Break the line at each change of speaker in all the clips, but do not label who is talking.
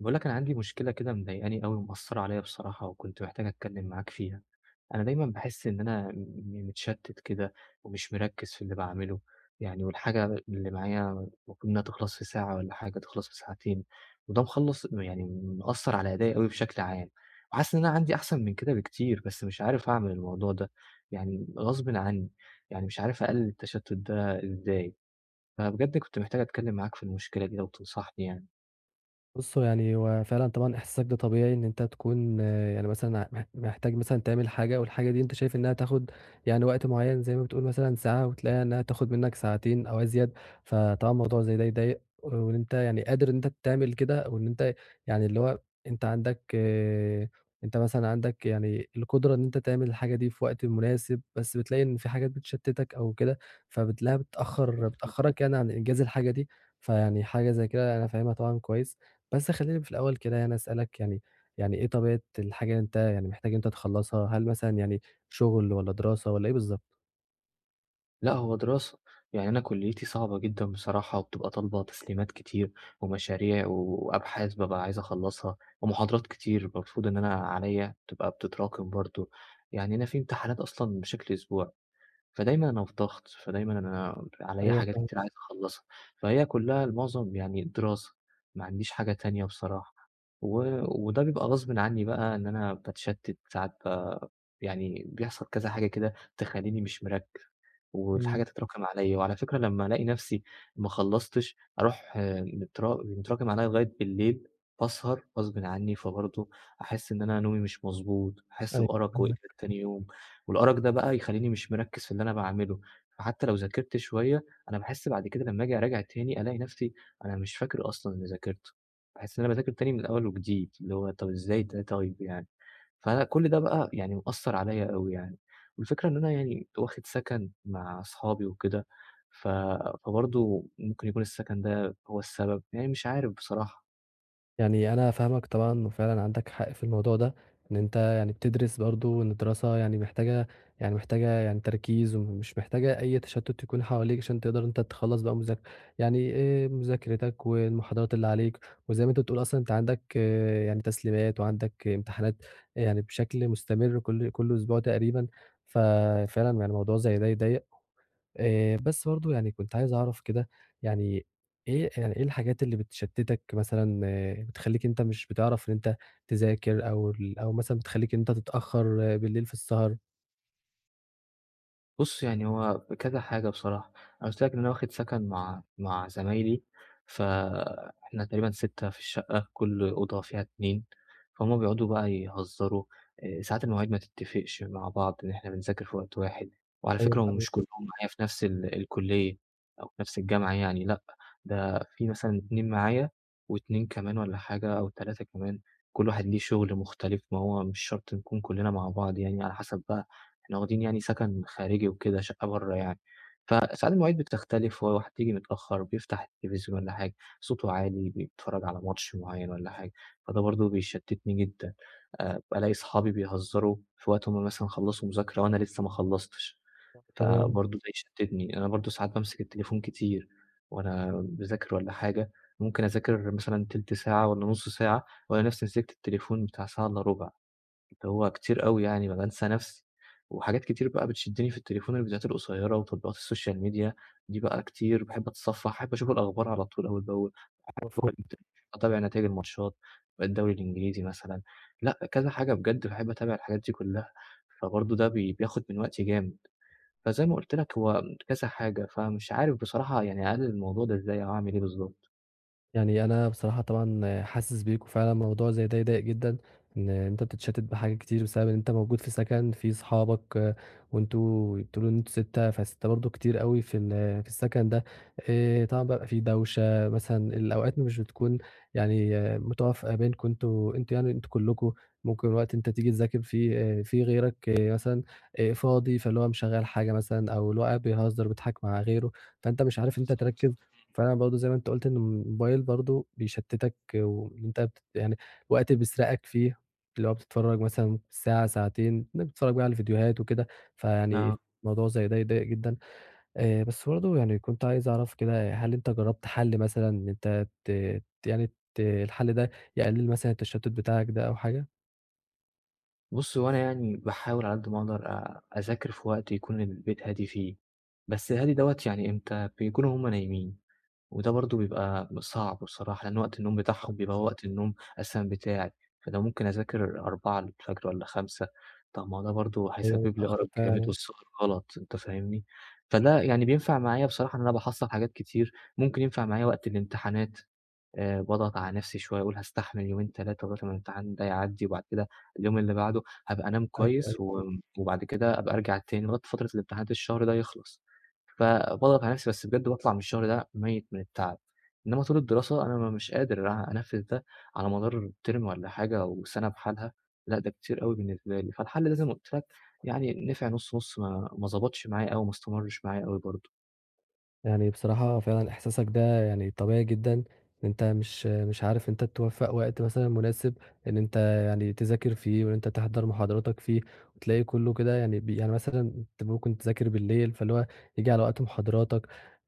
باقول لك أنا عندي مُشكِلَة كِدَه مضايِقانِي أوي، ومُأثِّرَة عَلَيَّ بِصَراحة، وكنت محتاج أتكَلَّم معاك فيها.أنا دايمًا باحِسّ إن أنا م م متشتِّت كِدَه، ومِش مُرَكِّز في اللِّي باعمَلُه. يعني والحاجة اللِّي معايا المَفروض إنها تِخلَص في ساعة، تِخلَص في ساعتين، وده مخلص يعني مُأثِّر على أدائِي بِشكل عام. وحاسِس إن أنا عندي أحسن مِن كِدَه بِكتير، بس مِش عارِف أعمَل الموضوع ده. يعني غَصبًا عنِّي، ومِش عارِف أقَلِّل التَّشتُّت ده إزاي. فبِجَد كنت محتاج أتكَلَّم معاك في المُشكِلَة دي، لو تِنصَحني يعني.
بُصّ، يعني هو فعلًا طبعًا إحساسُك ده طبيعي، إن أنت تكون يعني مثلًا، مح محتاج تعمل حاجة، والحاجة دي أنت شايف إنها تاخُد يعني وقت مُعيَّن، زي ما بتقول مثلًا ساعة، وتلاقيها إنها تاخُد مِنَّك ساعتين أو أزيد. فطبعًا موضوع زي ده يضايِق، وأنت يعني قادر إن أنت تعمل كده، وإن أنت يعني اللِّي هو أنت عندك أنت مثلًا عندك القدرة إن أنت تعمل الحاجة دي في وقت مناسب، بس بتلاقي إن في حاجات بتشتِّتَك أو كده، فبتلاقيها بتأخّر
[unintelligible]
بتأخَّرَك، يعني، عن إنجاز الحاجة دي. فيعني حاجة زي كده أنا فاهمها طبعًا كويس، بس خلِّيني في الأول كده يعني أسألك يعني يعني إيه طبيعة الحاجة اللي أنت يعني محتاج إن أنت تخلِّصها؟ هل مثلًا يعنى شُغل، والّا دراسة، والّا إيه بالضبط؟
لأ، هو دراسة، يعني أنا كليّتي صعبة جدًا بصراحة وبتبقى طالبة تسليمات كتير، ومشاريع وأبحاث بابقى عايز أخلّصها، ومحاضرات كتير [unintelligible] المفروض إن أنا عليَّ بتبقى بتتراكِم برضه، يعني أنا في امتحانات أصلًا بشكل أسبوعي، فدايمًا أنا في ضغط فدايمًا أنا عليَّ
أيوه،
حاجات كتير
فاهمك.
عايز أخلّصها، فهي كلّها المعظم يعني الدراسة، ما عنديش حاجة تانية بصراحة، و وده بيبقى غصبٍ عني بقى إن أنا باتشتِّت ساعات ب يعني بيحصل كذا حاجة كده تخليني مش مركِّز، والحاجة
إمم.
تتراكم عليَّ، وعلى فكرة لمّا ألاقي نفسي ما خلّصتش أرُوح آآ، مت متراكم عليَّ لغاية بالليل باسهر غصبٍ عني، فبرضه أحس إن أنا نومي مش مضبوط، أحس
أيوه،
بأَرَق وإجهاد
فاهمك.
تاني يوم، والأَرَق ده بقى يخليني مش مركِّز في اللي أنا باعملُه، فحتى لو ذاكرت شوية أنا باحس بعد كده لمّا آجيّ أراجع تاني ألاقي نفسي أنا مش فاكر أصلًا اللي ذاكرتُه، باحس إن أنا باذاكر تاني من أول وجديد، اللي هو طيّب إزاي ده طيّب يعني، فأنا كُلّ ده بقى يعني مأثّر عليَّ أوي يعني، والفكرة إن أنا يعني واخد سَكَن مع أصحابي وكده، ف فبرضه ممكن يكون السَكَن ده هو السبب، يعني مش عارف بصراحة.
يعني أنا فاهمك طبعًا وفعلًا عندك حق في الموضوع ده، إن أنت يعني بتدرس برضه وإن الدراسة يعني محتاجة يعني محتاجة يعني تركيز مش محتاجة أي تشتت يكون حواليك عشان تقدر إن أنت تخلص بقى مذاك يعني آآ، مذاكرتك والمحاضرات اللي عليك وزي ما أنت بتقول أصلًا أنت عندك يعني تسليمات وعندك إمتحانات يعني بشكل مستمر كل كل أسبوع تقريبًا، ف فعلًا يعني الموضوع زي ده يضايق آآ، بس برضه يعني كنت عايز أعرف كده، يعني إيه يعني إيه الحاجات اللي بتشتتك مثلًا بتخليك إن أنت مش بتعرف إن أنت تذاكر أو ال أو مثلًا بتخليك إن أنت تتأخر بالليل في السهر؟
بُص يعني هو كذا حاجة بصراحة، أنا قلت لك إن أنا واخد سكن مع مع زمايلي، فإحنا تقريبًا 6 في الشقة، كل أوضة فيها 2 فهُم بيقعدوا بقى يهزروا، آآ ساعات المواعيد ما تتفقش مع بعض إن إحنا بنذاكر في وقت واحد، وعلى
أيوه
فكرة هم
حقيقي.
مش كلهم معايا في نفس ال الكلية أو في نفس الجامعة يعني لأ ده في مثلًا 2 معايا و2 كمان والّا حاجة أو 3 كمان كل واحد ليه شغل مختلف ما هو مش شرط نكون كلنا مع بعض، يعني على حسب بقى إحنا واخدين يعني سكن خارجي وكده شقة برّا يعني فساعات المواعيد بتختلف وحد ييجي متأخر بيفتح التلفزيون والّا حاجة صوته عالي بيتفرج على ماتش معين والّا حاجة فده برضه بيشتتني جدًا آآ، الاقي اصحابي بيهزروا في وقت هُم مثلًا خلصوا مذاكرة وأنا لسه ما خلصتش
[unintelligible] تمام.
فبرضه ده يشتتني، أنا برضه ساعات بامسك التليفون كتير وأنا باذاكر والّا حاجة ممكن أذاكر مثلًا تِلت ساعة والّا نص ساعة وألاقي نفسي مسكت التليفون بتاع ساعة الّا ربع، هو كتير أوي يعني ما بانسى نفسي، وحاجات كتير بقى بتشدني في التليفون الفيديوهات القصيرة وتطبيقات السوشيال ميديا دي بقى كتير باحب أتصفح أحب أشوف الأخبار على طول أول بأول
مفهوم.
[unintelligible] أتابع نتايج الماتشات الدوري الإنجليزي مثلًا، لأ كذا حاجة بجد باحب أتابع الحاجات دي كلها، فبرضه ده بي بياخد من وقتي جامد، فزي ما قُلت لك هو كذا حاجة، فمش عارف بصراحة يعني أقلل الموضوع ده إزاي أو أعمل إيه بالضبط.
يعني أنا بصراحة طبعًا حاسس بيك، وفعلًا الموضوع زي ده يضايق جدًا إن أنت بتتشتت بحاجات كتير بسبب إن أنت موجود في سكن في أصحابك، وأنتم بتقولوا إنه أنتم 6 ف6 برضه كتير أوي في ال في السكن ده آآ، طبعًا بقى في دوشة مثلًا الأوقات مش بتكون يعني متوافقة بينكم أنتم أنتم يعني أنتم كلكم ممكن الوقت تيجي تذاكر فيه آآ في غيرك مثلًا آآ فاضي فاللي هو مشغّل حاجة مثلًا أو اللي هو قاعد بيهزر بيضحك مع غيره، فأنت مش عارف أنت
بالضبط.
تركز
[unintelligible]
فأنا برضه زي ما أنت قُلت إن الموبايل برضه بيشتتك وإن أنت ت يعني وقت بيسرقك فيه، اللي هو بتتفرج مثلًا ساعة ساعتين إنك بتتفرج بقى على فيديوهات وكده فيعني
نعم.
الموضوع زي ده يضايق جدًا آآ، بس برضه يعني كنت عايز أعرف كده هل أنت جرّبت حلّ مثلًا إن أنت ت يعني ت الحلّ ده يقلل مثلًا التشتت بتاعك ده أو حاجة؟
بُصّ هو أنا يعني باحاول على قد ما أقدر أ أذاكر في وقت يكون البيت هادي فيه، بس هادي دوّة يعني إمتى بيكون وهُم نايمين، وده برضه بيبقى صعب بصراحة لأن وقت النوم بتاعهم
[unintelligible]
بيبقى هو وقت النوم أساسًا بتاعي، فأنا ممكن أذاكر 04:00 والّا 05:00 طَب ما هو ده برضه
أيوه
هيسبب لي
اتأخر
أرق جامد
فعلًا.
والسهر غلط أنت فاهمني، فده يعني بينفع معايا بصراحة إن أنا باحصّل حاجات كتير ممكن ينفع معايا وقت الإمتحانات آآ، باضغط على نفسي شوية وأقول هاستحمل يومين 3 لغاية ما الامتحان ده يعدي وبعد كده اليوم اللي بعده هابقى أنام
أيوه،
كويس
أيوه.
و وبعد كده أبقى أرجع تاني لغاية فترة الامتحانات الشهر ده يخلص فباضغط على نفسي بس بجد باطلع من الشهر ده ميّت من التعب، إنما طول الدراسة أنا مش قادر أ أنفذ ده على مدار term والّا حاجة وسنة بحالها لأ ده كتير أوي بالنسبة لي، فالحلّ ده زي ما قُلت لك يعني نفع نُص نُص ما ما ضبطش معايا أوي ما استمرش معايا أوي برضه.
يعني بصراحة فعلًا إحساسك ده يعني طبيعي جدًا إن أنت مش- مش عارف أنت توفَّق وقت مثلًا مناسب إن أنت يعني تذاكر فيه وإن أنت تحضر مُحاضراتك فيه وتلاقي كُلّه كده يعني ب يعني مثلًا أنت ممكن تذاكر بالليل فاللي هو ييجي على وقت مُحاضراتك.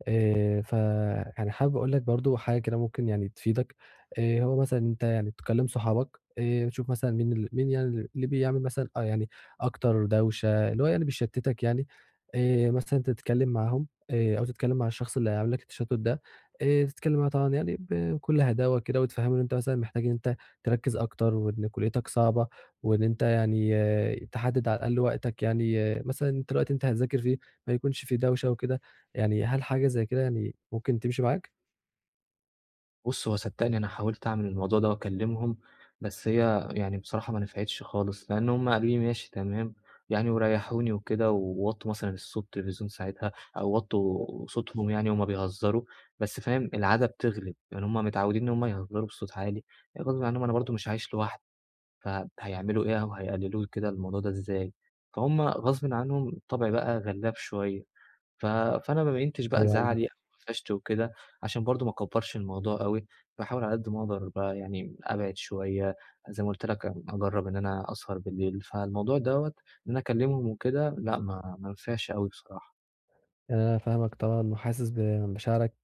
آآ فأنا حابب أقول لك برضه حاجة كده ممكن يعني تفيدك، آآ هو مثلًا إن أنت يعني تكلِّم صُحابك آآ تشوف مثلًا مين اللي مين يعني ال مين اللي بيعمل مثلًا آه، يعني أكتر دوشة اللي هو يعني بيشتِّتك يعني، آآ مثلًا تتكلِّم معاهم آآ أو تتكلِّم مع الشخص اللي عامل لك التشتُّت ده، آآ تتكلِّم معاه طبعًا يعني ب بكل هداوة كده وتفهِّمه إن أنت مثلًا محتاج إن أنت تركِّز أكتر وإن كُلّيتك صعبة وإن أنت يعني تحدِّد على الأقل وقتك، يعني مثلًا أنت الوقت اللي هتذاكر فيه ما يكونش في دوشة وكده، يعني هل حاجة زي كده يعني ممكن تمشي معاك؟
بُصّ، هو صدّقني أنا حاولت أعمل الموضوع ده وأكلِّمهم، بس هي يعني بصراحة ما نفعتش خالص لإن هم قالوا لي: "ماشي، تمام،" يعني وريّحوني وكده و ووطّوا مثلًا الصوت التلفزيون ساعتها أو
[unintelligible]
وطّوا صوتهم يعني وهُم بيهزّروا، بس فاهم، العادة بتغلب. يعني هم متعوّدين إن هم يهزّروا بصوت عالي، يعني برضو ما أنا
[unintelligible]
برضه مش عايش لوحدي، فهيعملوا إيه أو هيقلِّلوا كده الموضوع ده إزاي؟ فهم غصبٍ عنهم الطبع بقى غلّاب شوية، ف فأنا ما بيّنتش بقى
أيوه [unintelligible]
زعلي أو أفشت وكده عشان برضه ما أكبّرش الموضوع أوي. باحاول على قد ما أقدر بقى يعني أبعِد شوية، زي ما قُلت لك أجرّب إن أنا أسهر بالليل، فالموضوع دوّة إن أنا أكلِّمهم وكده لأ، ما ما نفعش أوي بصراحة.
أنا فاهمك طبعًا، وحاسس بمشاعرك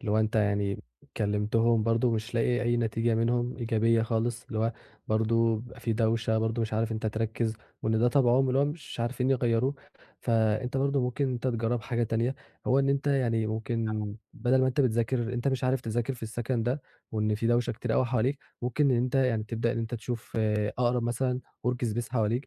اللي هو أنت يعني كلمتهم برضه مش لاقي أي نتيجة منهم إيجابية خالص اللي هو برضه بيبقى في دوشة، برضه مش عارف إن أنت تركِّز وإن ده طبعهم، واللي هو مش عارفين يغيّروه، فأنت برضه ممكن إن أنت تجرّب حاجة تانية، هو إن أنت يعني ممكن
آه.
بَدَل ما أنت بتذاكر أنت مش عارف تذاكر في السَكَن ده، وإن في دوشة كتير أوي حواليك، ممكن إن أنت يعني تبدأ إن أنت تشوف أقرب مثلًا work space حواليك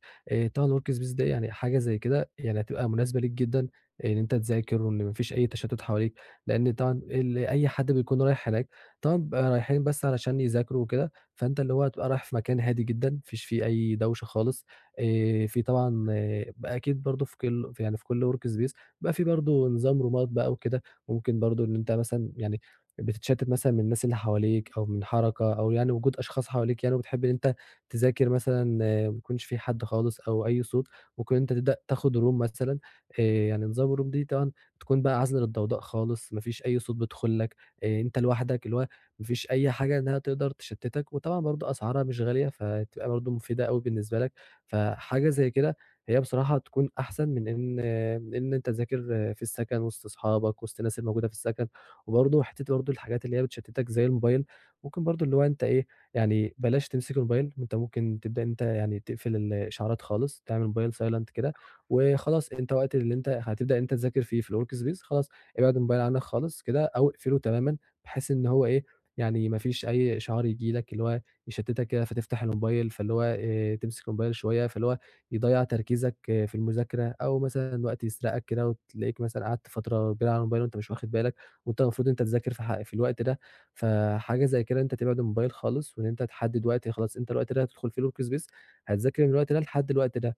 طبعًا الwork space ده يعني حاجة زي كده يعني هتبقى مناسبة ليك جدًا، إن أنت تذاكر وإن ما فيش أي تشتُّت حواليك، لأن طبعًا أي حد بيكون رايح هناك طبعًا بيبقى رايحين بس علشان يذاكروا وكده، فأنت اللي هو هتبقى رايح في مكان هادي جدًا، ما فيش فيه أي دوشه خالص آآ، في طبعًا
إمم.
بقى أكيد برضه في كُلّ يعني في كُلّ work space بيبقى في برضه نظام رومات بقى وكده، ممكن برضه إن أنت مثلًا يعني بتتشتِّت مثلًا من الناس اللي حواليك، أو من حركة أو يعني وجود اشخاص حواليك يعني وبتحب إن أنت تذاكر مثلًا ما يكونش في حد خالص، أو أي صوت ممكن إن أنت تبدأ تاخد room مثلًا آآ، يعني نظام الroom دي طبعًا تكون بقى عازلة للضوضاء خالص، ما فيش أي صوت بيدخل لك، أنت لوحدك اللي هو ما فيش أي حاجة إنها تقدر تشتِّتك، وطبعًا برضه أسعارها مش غالية، فهتبقى برضه مفيدة أوي بالنسبة لك، فحاجة زي كده هي بصراحة تكون أحسن من إن آآ، من إن تذاكر في السَكَن وسط أصحابك وسط الناس الموجودة في السَكَن، وبرضه حتة برضه الحاجات اللي هي بتشتِّتك زي الموبايل ممكن برضه اللي هو أنت إيه، يعني بلاش تمسك الموبايل، أنت ممكن تبدأ يعني تقفل الاشعارات خالص تعمل الموبايل silent كده،
آه.
وخلاص أنت وقت اللي أنت هتبدأ إن أنت تذاكر فيه في الwork space خلاص ابعد الموبايل عنك خالص كده، أو اقفله تمامًا بحيث إن هو إيه يعني ما فيش أي إشعار ييجي لك، اللي هو يشتِّتك كده فتفتح الموبايل فاللي هو آآ، تمسك الموبايل شوية فاللي هو يضيّع تركيزك في المذاكرة، أو مثلًا الوقت يسرقك كده وتلاقيك مثلًا قعدت فترة كبيرة على الموبايل وأنت مش واخد بالك، وأنت المفروض إن أنت تذاكر في الح في الوقت ده، فحاجة زي كده إن أنت تبعد الموبايل خالص وإن أنت تحدِّد وقت آآ، خلاص أنت الوقت ده هتدخل فيه الwork space هتذاكر من الوقت ده لحد الوقت ده،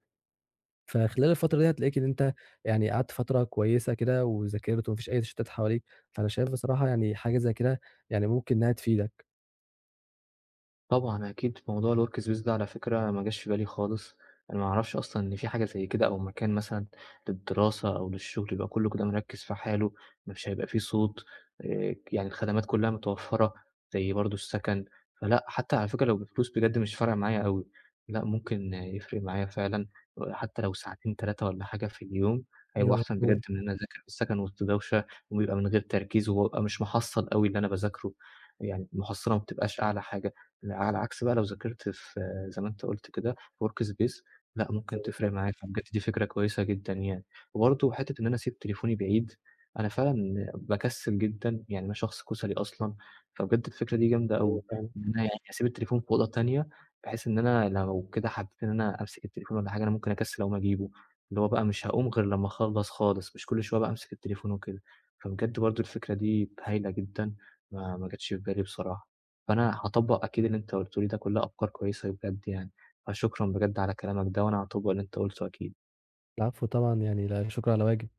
فخلال الفترة دي هتلاقيك إن أنت يعني قعدت فترة كويسة كده، وذاكرت وما فيش أي تشتُّتات حواليك، فأنا شايف بصراحة يعني حاجة زي كده يعني ممكن إنها تفيدك.
طبعًا أكيد موضوع الworkspace ده على فكرة ما جاش في بالي خالص. أنا ما اعرفش أصلًا إن في حاجة زي كده، أو مكان مثلًا للدراسة أو للشغل يبقى كلّه كده مِركّز في حاله، مش هيبقى في صوت، آآ يعني الخدمات كلها متوفّرة، زي برضه السكن. فلأ، حتى على فكرة لو بفلوس بجد مش فارقة معايا أويِ لأ ممكن يفرِق معايا فعلًا آآ حتى لو ساعتين 3 والّا حاجة في اليوم، هيبقوا
أيوَه
أحسن
مضبوط.
بجد من إن أنا أذاكر في السكن وسط دوشة، ويبقى من غير تركيز، وبابقى مش محصل أوي اللي أنا باذاكره، يعني المُحصلة ما بتبقاش أعلى حاجة. ع على العكس بقى لو ذاكرت في زي ما أنت قُلت كده الworkspace لأ ممكن
أيوَه
تفرِق
بالضبط.
معايا، فبجد دي فكرة كويسة جدًا يعني. وبرضه حتة إن أنا أسيب تليفوني بعيد، أنا فعلًا باكسل جدًا، يعني أنا شخص كُسلي أصلًا، فبجد الفكرة دي جامدة
أيوَه
أوي،
فاهمَك.
إن أنا يعني أسيب التليفون في أوضة تانية، بحيث إن أنا لو كده حبّيت إن أنا أمسك التليفون والّا حاجة، أنا ممكن أكسّل أقوم أجيبه، اللي هو بقى مش هاقوم غير لمّا أخلّص خالص، مش كل شوية بقى أمسك التليفون وكده. فبجد برضه الفكرة دي هايلة جدًا، ما ما جَتش في بالي بصراحة، فأنا هاطبّق أكيد اللي أنت قُلته لي ده كلها أفكار كويّسة بجد يعني. فشكرًا بجد على كلامك ده، وأنا هاطبّق اللي أنت قُلته أكيد.
العفو طبعًا، يعني لا شُكر على واجب.